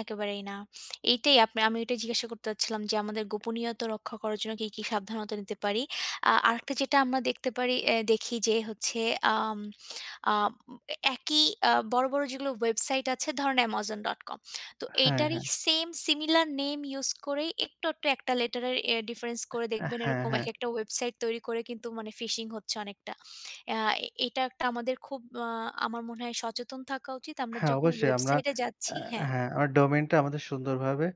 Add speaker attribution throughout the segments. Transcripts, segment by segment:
Speaker 1: একেবারেই না। এইটাই আপ আমি এটাই জিজ্ঞাসা করতে চাচ্ছিলাম যে আমাদের গোপনীয়তা রক্ষা করার জন্য কি, কি সাবধানতা নিতে পারি? আ আরেকটা যেটা আমরা দেখতে পারি, এহ দেখি যে হচ্ছে আ আম আ একই আ বড়, বড় যেগুলো ওয়েবসাইট আছে ধরেন amazon.com। তো
Speaker 2: হ্যাঁ,
Speaker 1: এইটারই
Speaker 2: হ্যাঁ।
Speaker 1: same similar name use করেই একটু, একটু একটা letter-এর এহ difference করে দেখবেন
Speaker 2: হ্যাঁ,
Speaker 1: এরকম
Speaker 2: হ্যাঁ।
Speaker 1: একেকটা ওয়েবসাইট তৈরি করে কিন্তু মানে phishing হচ্ছে অনেকটা। এহ এইটা একটা আমাদের খুব আ আমার মনে হয় সচেতন থাকা উচিত আমরা
Speaker 2: হ্যাঁ,
Speaker 1: যখন
Speaker 2: অবশ্যই আমরা
Speaker 1: ওয়েবসাইটে
Speaker 2: আ
Speaker 1: যাচ্ছি হ্যাঁ।
Speaker 2: হ্যাঁ, আমার domain টা আমাদের সুন্দরভাবে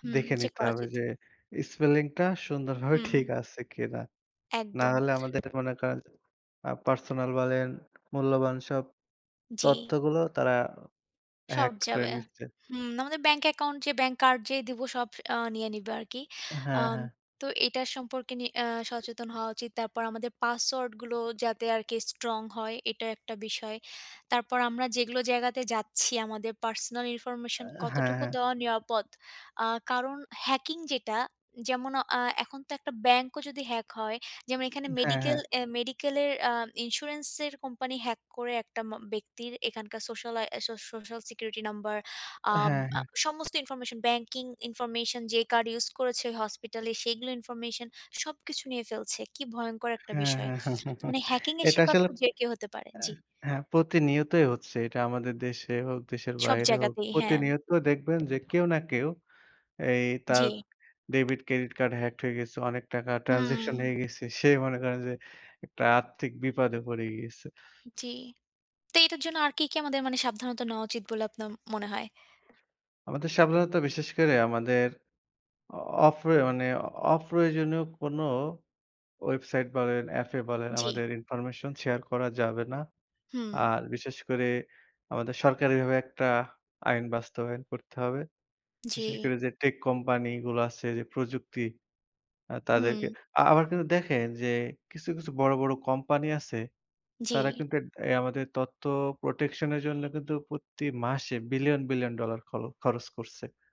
Speaker 1: হুম,
Speaker 2: দেখে
Speaker 1: চেক
Speaker 2: নিতে
Speaker 1: করা
Speaker 2: হবে
Speaker 1: উচিত।
Speaker 2: যে spelling টা সুন্দরভাবে ঠিক
Speaker 1: হুম।
Speaker 2: আছে কিনা। না
Speaker 1: একদম।
Speaker 2: হলে আমাদের মনে করেন আ personal বলেন মূল্যবান সব
Speaker 1: জি।
Speaker 2: তথ্যগুলো তারা
Speaker 1: সব
Speaker 2: hacked করে
Speaker 1: যাবে।
Speaker 2: নিচ্ছে।
Speaker 1: হুম, আমাদের bank account যে bank card যে দিব সব আ নিয়ে নিবে আরকি।
Speaker 2: হ্যাঁ,
Speaker 1: আম
Speaker 2: হ্যা।
Speaker 1: তো এটা সম্পর্কে নি আ সচেতন হওয়া উচিত। তারপর আমাদের password-গুলো যাতে আরকি strong হয় এটা একটা বিষয়। তারপর আমরা যেগুলো জায়গাতে যাচ্ছি আমাদের personal
Speaker 2: আ
Speaker 1: information
Speaker 2: হ্যাঁ,
Speaker 1: কতটুকু
Speaker 2: হ্যাঁ।
Speaker 1: দেওয়া নিরাপদ। আ কারণ hacking যেটা যেমন আ এখন তো একটা bank-ও যদি hack হয়, যেমন এখানে
Speaker 2: হ্যাঁ,
Speaker 1: medical,
Speaker 2: হ্যাঁ।
Speaker 1: এহ medical-এর আ insurance-এর company hack করে একটা মা ব্যক্তির এখানকার social I so social security number, আম
Speaker 2: হ্যাঁ,
Speaker 1: আ
Speaker 2: হ্যাঁ।
Speaker 1: সমস্ত information, banking information যে card use করেছে hospital-এ সেইগুলো information সবকিছু নিয়ে ফেলছে। কি ভয়ঙ্কর একটা
Speaker 2: হ্যাঁ,
Speaker 1: বিষয়!
Speaker 2: হ্যাঁ।
Speaker 1: তো মানে hacking-এর
Speaker 2: এটা
Speaker 1: শিকার
Speaker 2: আসলে
Speaker 1: তো যে কেউ হতে পারে। জি।
Speaker 2: হ্যাঁ, প্রতিনিয়তই হচ্ছে এটা আমাদের দেশে হোক, দেশের
Speaker 1: সব
Speaker 2: বাইরে হোক
Speaker 1: জায়গাতেই, হ্যাঁ।
Speaker 2: প্রতিনিয়ত দেখবেন যে কেউ না কেউ এই তার
Speaker 1: জি।
Speaker 2: debit, credit card hacked হয়ে গেছে, অনেক টাকা
Speaker 1: হুম।
Speaker 2: transaction হয়ে গেছে। সে মনে করে যে একটা আর্থিক বিপদে পড়ি গিয়েছে।
Speaker 1: জি। তো এটার জন্য আর কি, কি আমাদের মানে সাবধানতা নেওয়া উচিত বলে আপনার মনে হয়?
Speaker 2: আমাদের সাবধানতা বিশেষ করে আমাদের অ অপ্রয়ো মানে অপ্রয়োজনীয় কোনো website বলেন app-এ বলেন
Speaker 1: জি।
Speaker 2: আমাদের information share করা যাবে না।
Speaker 1: হুম।
Speaker 2: আর বিশেষ করে আমাদের সরকারিভাবে একটা আইন বাস্তবায়ন করতে হবে। বিশেষ
Speaker 1: জি।
Speaker 2: করে যে tech company গুলা আছে যে প্রযুক্তি আ তাদেরকে
Speaker 1: হুম।
Speaker 2: আ আবার কিন্তু দেখেন যে কিছু, কিছু বড়, বড় company আছে তারা
Speaker 1: জি।
Speaker 2: কিন্তু ডে এই আমাদের তথ্য protection-এর জন্য কিন্তু প্রতি মাসে billion, billion dollar খ খরচ করছে।